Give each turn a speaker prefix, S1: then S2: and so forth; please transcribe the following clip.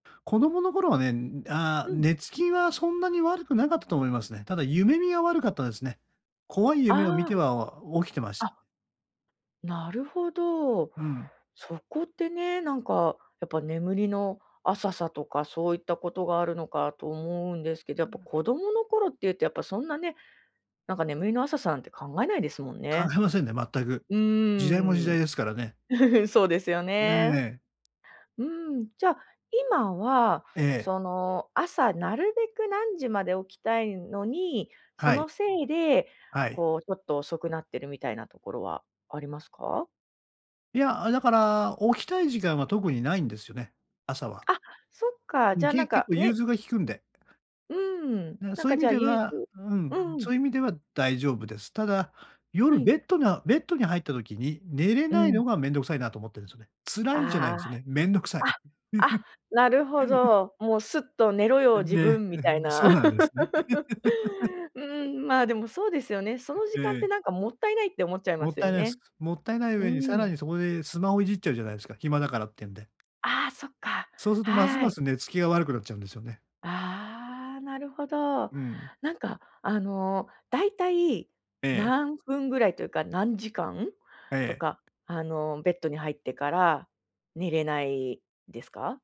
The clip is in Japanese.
S1: 子供の頃はね、ん、ああ、
S2: うん。
S1: 寝つきはそんなに悪くなかったと思いますね。ただ夢見が悪かったですね。怖い夢を見
S2: あ
S1: て
S2: あ。
S1: は、あ、起きてました。
S2: あなるほど。
S1: うん。
S2: そこってね、なんかやっぱ眠りの浅さとかそういったことがあるのかと思うんですけど、や
S1: う
S2: っぱ
S1: ん。
S2: 子供の頃っていうとやっぱそんなね、なんか眠りの浅さなんて考えないですもん
S1: 考は
S2: ね。
S1: えませんね全く、
S2: う
S1: 時代も時
S2: ー
S1: 代
S2: ん。
S1: ですからね。
S2: そうですよね。
S1: ええ。
S2: うーん。じゃ、今は、
S1: ええ。
S2: その、朝なるべく何時まで起きたいのに、そ
S1: はい。
S2: のせいで、
S1: はい。
S2: こうちょっと遅くなってるみたいなところはありますか？
S1: いや、あ、だから、起きたい時間は特にないんですよね、朝は。
S2: あ、そっか、
S1: う
S2: じ
S1: ん。
S2: ゃあ
S1: け
S2: なん
S1: 結
S2: か、
S1: 構融
S2: ね。
S1: 通が利くんで。
S2: うーん。
S1: だか、
S2: なん
S1: そういう
S2: か
S1: 意
S2: じ
S1: 味
S2: ゃあ
S1: で
S2: ゆい
S1: は、
S2: つ
S1: うん。
S2: う
S1: そ
S2: ん。
S1: ういう意味では大丈夫です。ただ、
S2: は
S1: 夜、
S2: い。
S1: ベットなベットに入った時に寝れ
S2: う
S1: ない
S2: ん。
S1: のがめんどくさいなと思ってんですよね。辛いんじゃない
S2: あ
S1: んすね、めんどくさい。
S2: あ、あ、あ、なるほ ど。もう、すっと寝ろよ、
S1: ん
S2: 自
S1: ね、
S2: 分み
S1: う
S2: た
S1: ふ
S2: い
S1: ん、
S2: な。
S1: そうなんですね。
S2: うーん。まあ、でもそうですよね。その
S1: え
S2: 時間って
S1: え。
S2: なんかもったいないって思っちゃいま
S1: もっ
S2: す
S1: たい
S2: よ
S1: ないす。
S2: ね。
S1: もったいない
S2: う
S1: 上にさ
S2: ー
S1: ら
S2: ん。
S1: にそこでスマホいじっちゃうじゃないすか、暇だからってんで。
S2: ああ、そっか、
S1: そうすと、ます
S2: は
S1: ま
S2: い。
S1: す寝つきが悪くなっちゃうんですよね。
S2: ああ、なるほど。
S1: うん。
S2: なんかあの、だいたい
S1: ええ。
S2: 何分ぐらいというか、何時間
S1: え
S2: と
S1: え。
S2: か、あの、ベットに入ってから寝れないですか？